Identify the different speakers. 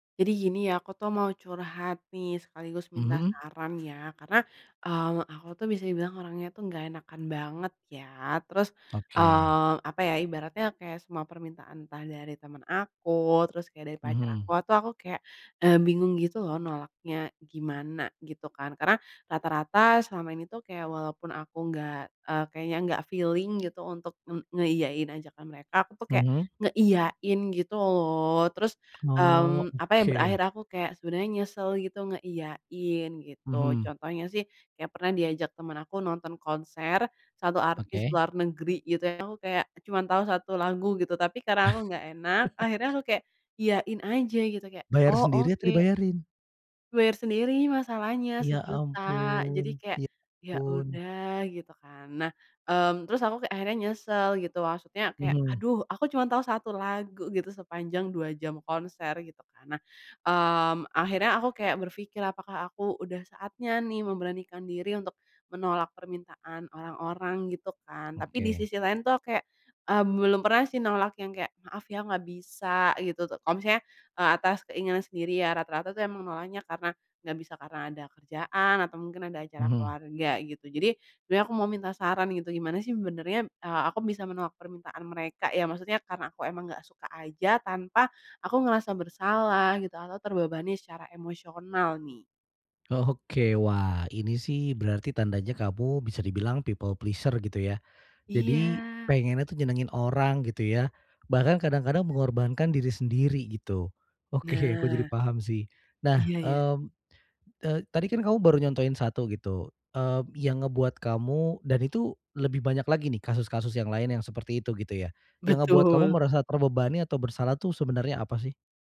Speaker 1: Jadi gini ya aku tuh mau curhat nih sekaligus minta
Speaker 2: Mhm.
Speaker 1: saran ya, karena, eee, aku tuh bisa dibilang orangnya tuh nggak enakan banget ya, terus,
Speaker 2: Oke.
Speaker 1: eee, apa ya ibaratnya kayak semua permintaan entah dari temen aku, terus kayak dari pacar aku,
Speaker 2: Mhm.
Speaker 1: itu aku kayak, eee, bingung gitu loh nolaknya gimana gitu kan. Karena rata-rata selama ini tuh kayak walaupun aku gak eee, kayaknya nggak feeling gitu untuk nge ngeiyain ajakan mereka, aku tuh kayak
Speaker 2: Mhm.
Speaker 1: ngeiyain gitu loh. Terus,
Speaker 2: Oh,
Speaker 1: mmm, apa ya,
Speaker 2: oke.
Speaker 1: berakhir aku kayak sebenernya nyesel gitu ngeiyain gitu,
Speaker 2: Mhm.
Speaker 1: contohnya sih kayak pernah diajak temen aku nonton konser 1 artis
Speaker 2: Oke.
Speaker 1: luar negeri gitu, yang aku kayak cuman tahu 1 lagu gitu, tapi karena aku nggak enak akhirnya aku kayak iyain aja gitu kayak,
Speaker 2: Bayar
Speaker 1: "Oh,
Speaker 2: sendiri atau
Speaker 1: oke."
Speaker 2: dibayarin?
Speaker 1: Bayar sendiri masalahnya,
Speaker 2: Ya
Speaker 1: sejuta. Jadi
Speaker 2: ampun
Speaker 1: kayak,
Speaker 2: ya
Speaker 1: "Ya
Speaker 2: ampun.
Speaker 1: udah," gitu kan. Nah, mmm, terus aku kayak akhirnya nyesel gitu, maksudnya kayak,
Speaker 2: Mhm.
Speaker 1: "Aduh aku cuman tahu 1 lagu gitu sepanjang 2 jam konser," gitu kan. Nah, mmm, akhirnya aku kayak berpikir, "Apakah aku udah saatnya nih memberanikan diri untuk menolak permintaan orang-orang?" gitu kan. Tapi di
Speaker 2: Oke.
Speaker 1: sisi lain tuh aku kayak, eee, belum pernah sih menolak yang kayak, "Maaf ya, nggak bisa," gitu tuh, kalau misalnya, eee, atas keinginan sendiri ya rata-rata tuh emang nolaknya karena nggak bisa, karena ada kerjaan atau mungkin ada acara
Speaker 2: Mhm.
Speaker 1: keluarga gitu, jadi sebenernya aku mau minta saran gitu, gimana sih sebenernya, eee, aku bisa menolak permintaan mereka, ya maksudnya karena aku emang nggak suka aja tanpa aku ngerasa bersalah gitu atau terbebani secara emosional nih?
Speaker 2: Oke, wah ini sih berarti tandanya kamu bisa dibilang people pleasure gitu ya, jadi
Speaker 1: Iya.
Speaker 2: pengennya tuh nyenengin orang gitu ya, bahkan kadang-kadang mengorbankan diri sendiri gitu. Oke, aku jadi
Speaker 1: Nah.
Speaker 2: paham sih. Nah,
Speaker 1: Iya ya.
Speaker 2: mmm, eee, tadi kan kamu baru nyontohin 1 gitu, eee, yang ngebuat kamu dan itu lebih banyak lagi nih kasus-kasus yang lain yang seperti itu gitu ya? Yang ngebuat kamu
Speaker 1: Betul.
Speaker 2: merasa terbebani atau bersalah tuh sebenarnya apa sih?